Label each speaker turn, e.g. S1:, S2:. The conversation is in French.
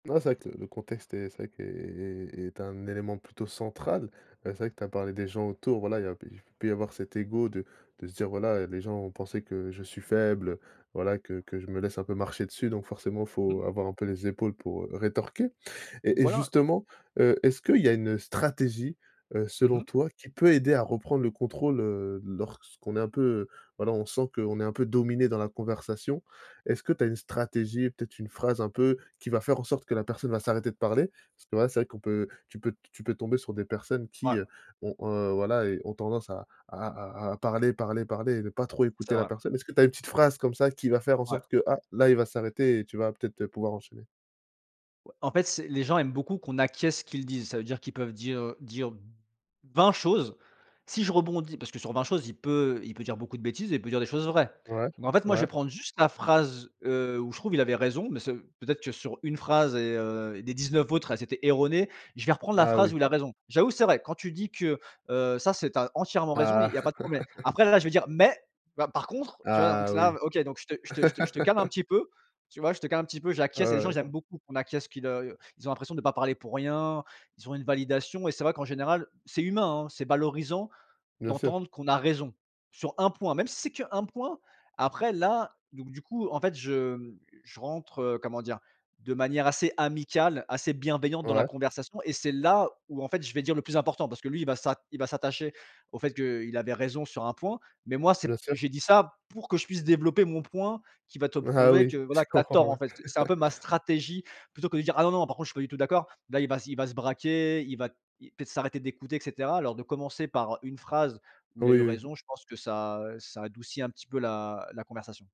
S1: Non c'est vrai que le le contexte est, c'est vrai qu'est est est un élément plutôt central. Heu, c'est vrai que tu as parlé des gens autour, voilà. Il y a p il peut y avoir cet ego de de se dire: «Voilà, heu, les gens vont penser que je suis faible, heu, voilà, que que je me laisse un peu marcher dessus donc, forcément, faut
S2: Mmh.
S1: avoir un peu les épaules pour, heu, rétorquer». Et et
S2: Voilà.
S1: justement, heu, est-ce qu'il y a une, heu, stratégie, heu,
S2: Mmh
S1: selon
S2: mh.
S1: toi, qui peut aider à reprendre le contrôle, heu, lorsqu'on est un peu, voilà, on sent qu'on est un peu dominé dans la conversation? Est-ce que tu as une stratégie et peut-être une phrase un peu qui va faire en sorte que la personne va s'arrêter de parler? Parce que là c'est vrai qu'on peut tu peux tu peux tomber sur des personnes
S2: Ouais.
S1: qui, heu, ont, heu, voilà et ont tendance à à à à parler, parler, parler et ne pas trop
S2: C'est
S1: écouter la
S2: vrai.
S1: personne. Est-ce que tu as une petite phrase comme ça qui va faire en
S2: Ouais.
S1: sorte que, ah, là, il va s'arrêter et tu vas peut-être, heu, pouvoir enchaîner?
S2: En fait, c'est les gens aiment beaucoup qu'on acquiesce ce qu'ils disent. Ça veut dire qu'ils peuvent dire, heu, dire 20 choses. Si je rebondis parce que sur 20 choses, il peut il peut dire beaucoup de bêtises et il peut dire des choses vraies.
S1: Ouais,
S2: Donc, en fait, moi, je vais
S1: ouais.
S2: prendre juste la phrase, heu, où je trouve il avait raison. Mais ça veut peut-être que sur une phrase et heu et les 19 autres, elles étaient erronées. Je vais reprendre la
S1: Ah oui.
S2: phrase où il a raison: «J'avoue, c'est vrai, quand tu dis que, heu, ça c'est tu as entièrement raison et il
S1: Ah!
S2: y a pas de problème». Après, là je vais dire: «Mais, bah, par contre, tu vois». Donc
S1: Ah
S2: s
S1: oui!
S2: là, heu, OK, donc je te je te je te je te calme un petit peu, tu vois, je te calme un petit peu, j'acquiesce. Et les gens, ils
S1: Ouais.
S2: aiment beaucoup qu'on acquiesce qu'ils, heu, i heu, ils ont l'impression de pas parler pour rien, ils ont une validation. Et c'est vrai qu'en général, c'est humain, hein, c'est valorisant
S1: Bien sûr.
S2: d'entendre qu'on a raison sur un point, même si c'est qu'un point. Après, là, donc du coup, en fait, je, hem je rentre, heu, comment dire? De manière assez amicale, assez bienveillante dans la
S1: Ouais.
S2: conversation et c'est là où, en fait, je vais dire le plus important parce que lui, il va s'a il va s'attacher au fait qu'il avait raison sur un point. Mais moi, c'est p
S1: Bien sûr.
S2: j'ai dit ça pour que je puisse développer mon point qui va te
S1: Ah
S2: prouver
S1: oui,
S2: que
S1: je
S2: voilà, que tu as
S1: comprends,
S2: tort, en
S1: ouais.
S2: fait. Ce c'est un peu ma stratégie plutôt que de dire: «Ah non non par contre, je suis pas du tout d'accord». Là, il va s il va se braquer, il va y peut-être s'arrêter d'écouter et cetera. Alors de commencer par, heu, une phrase où
S1: Oui,
S2: il a eu
S1: oui.
S2: raison, je pense que ça, heu, ça adoucit un petit peu la la conversation.